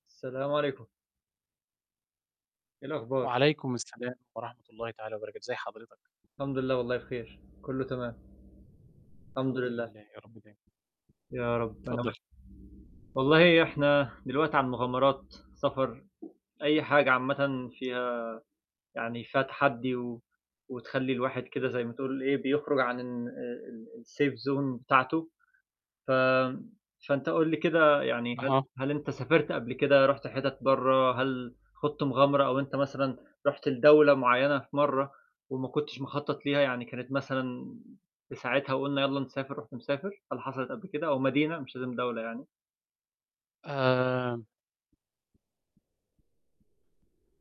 السلام عليكم. إيه الأخبار؟ وعليكم السلام ورحمة الله تعالى وبركاته، إزي حضرتك. الحمد لله والله بخير كُلّه تمام. الحمد الحمدلله. لله، يا رب دايمًا. يا رب أنا اتفضل. وأنت والله إحنا دلوقتي عن مغامرات سفر، أي حاجة عامةً فيها يعني فيها تحدّي، و وتخلِّي الواحد كده زي ما تقول إيه بيخرج عن إن آآ، ال الsafe zone بتاعته، ف فأنت قُل لي كده يعني هل أها. هل أنت سافرت قبل كده رُحت حِتَت برّه؟ هل خُضت مغامرة أو أنت مثلًا رُحت لدولة معيّنة في مرّه، وما كنتش مخطَّط ليها يعني كانت مثلًا في ساعتها، وقُلنا يلّا نسافر، رُحت مسافر؟ هل حصلت قبل كده أو مدينة مش لازم دولة يعني؟ آآ